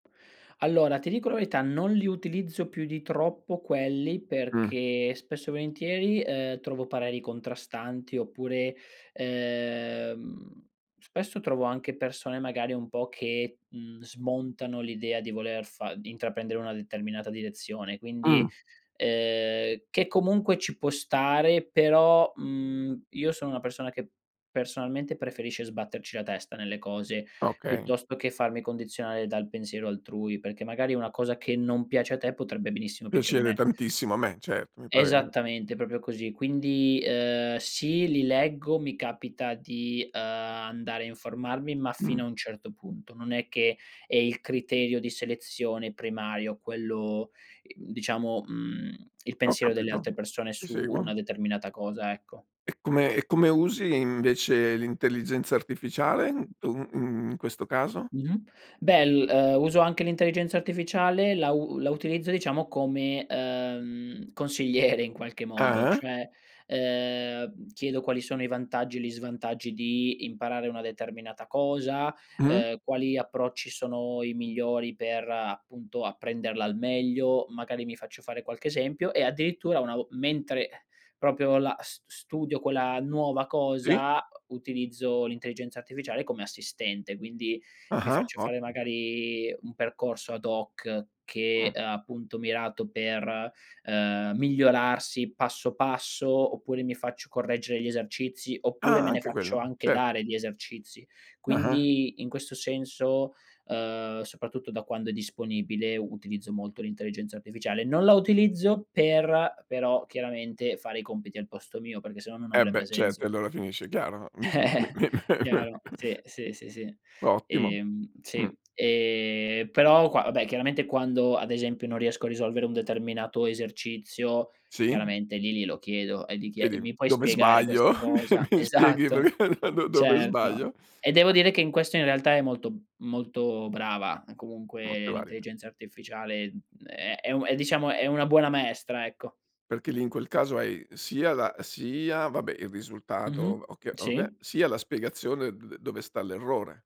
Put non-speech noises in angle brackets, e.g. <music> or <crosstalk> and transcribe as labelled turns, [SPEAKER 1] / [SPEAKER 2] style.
[SPEAKER 1] Allora, ti dico la verità: non li utilizzo più di troppo quelli
[SPEAKER 2] Mh.
[SPEAKER 1] perché, spesso e volentieri, ehm, trovo pareri contrastanti oppure, ehm, spesso trovo anche persone magari un po' che, mhmm, smontano l'idea di voler fa di intraprendere una determinata direzione, quindi,
[SPEAKER 2] Mh.
[SPEAKER 1] ehm, che comunque ci può stare, però, mhmm, io sono una persona che, personalmente, preferisce sbatterci la testa nelle cose
[SPEAKER 2] Okay.
[SPEAKER 1] piuttosto che farmi condizionare dal pensiero altrui, perché magari una cosa che non piace a te potrebbe benissimo piacere a
[SPEAKER 2] Piacere
[SPEAKER 1] me.
[SPEAKER 2] tantissimo a me, certo, mi pare
[SPEAKER 1] Esattamente, proprio così. Quindi, ehm, sì, li leggo, mi capita di, ehm, andare a informarmi, ma
[SPEAKER 2] Mh.
[SPEAKER 1] fino a un certo punto. Non è che è il criterio di selezione primario quello, diciamo, mhmm, il
[SPEAKER 2] Ho
[SPEAKER 1] pensiero delle
[SPEAKER 2] capito.
[SPEAKER 1] altre persone
[SPEAKER 2] Ti
[SPEAKER 1] su
[SPEAKER 2] seguo.
[SPEAKER 1] una determinata cosa, ecco.
[SPEAKER 2] E come e come usi, invece, l'intelligenza artificiale tu, mhmm, in questo caso?
[SPEAKER 1] Mh-mh. Beh, l ehm, uso anche l'intelligenza artificiale, la u la utilizzo, diciamo, come, ehm, consigliere, in qualche modo.
[SPEAKER 2] Ah-ah.
[SPEAKER 1] Cioè, ehm, chiedo quali sono i vantaggi e gli svantaggi di imparare una determinata cosa,
[SPEAKER 2] Mh.
[SPEAKER 1] ehm, quali approcci sono i migliori per, appunto, apprenderla al meglio, magari mi faccio fare qualche esempio e addirittura una vo mentre proprio la s studio quella nuova
[SPEAKER 2] Sì?
[SPEAKER 1] cosa, utilizzo l'intelligenza artificiale come assistente, quindi, mi
[SPEAKER 2] Ah-ah,
[SPEAKER 1] faccio
[SPEAKER 2] ott
[SPEAKER 1] fare magari un percorso ad hoc che
[SPEAKER 2] Mh.
[SPEAKER 1] è, appunto, mirato per, ehm, migliorarsi passo passo, oppure mi faccio correggere gli esercizi, oppure
[SPEAKER 2] Ah,
[SPEAKER 1] me ne
[SPEAKER 2] anche
[SPEAKER 1] faccio
[SPEAKER 2] quello.
[SPEAKER 1] anche
[SPEAKER 2] Cer
[SPEAKER 1] dare di esercizi.
[SPEAKER 2] Ah-ah.
[SPEAKER 1] Quindi, in questo senso, ehm, soprattutto, da quando è disponibile, utilizzo molto l'intelligenza artificiale. Non la utilizzo per, però, chiaramente, fare i compiti al posto mio, perché se no non
[SPEAKER 2] Eh,
[SPEAKER 1] avrebbe
[SPEAKER 2] beh, certo,
[SPEAKER 1] senso.
[SPEAKER 2] e allora finisce, chiaro. Mi su mi.
[SPEAKER 1] <chuckles> Chiaro,
[SPEAKER 2] <chuckles>
[SPEAKER 1] sì, sì, sì, sì.
[SPEAKER 2] Ottimo.
[SPEAKER 1] Ehm,
[SPEAKER 2] Mh.
[SPEAKER 1] sì. Eh, però qua vabbè, chiaramente, quando ad esempio non riesco a risolvere un determinato esercizio
[SPEAKER 2] Sì.
[SPEAKER 1] chiaramente lì glielo chiedo e gli chie
[SPEAKER 2] Chiedi:
[SPEAKER 1] "Mi puoi
[SPEAKER 2] "Dove
[SPEAKER 1] spiegare
[SPEAKER 2] sbaglio?
[SPEAKER 1] questa cosa?"
[SPEAKER 2] <chuckles> Mi spieghi
[SPEAKER 1] Esatto.
[SPEAKER 2] per do dove
[SPEAKER 1] Certo.
[SPEAKER 2] sbaglio".
[SPEAKER 1] E devo
[SPEAKER 2] Eh.
[SPEAKER 1] dire che in questo, in realtà, è molto molto brava, comunque
[SPEAKER 2] Molto valida.
[SPEAKER 1] l'intelligenza artificiale, mhmm, è è u diciamo è una buona maestra, ecco.
[SPEAKER 2] Perché lì in quel caso hai sia la sia, vabbè, il risultato o v
[SPEAKER 1] Mh-mh.
[SPEAKER 2] o che vabbè,
[SPEAKER 1] Sì.
[SPEAKER 2] sia la spiegazione d d dove sta l'errore.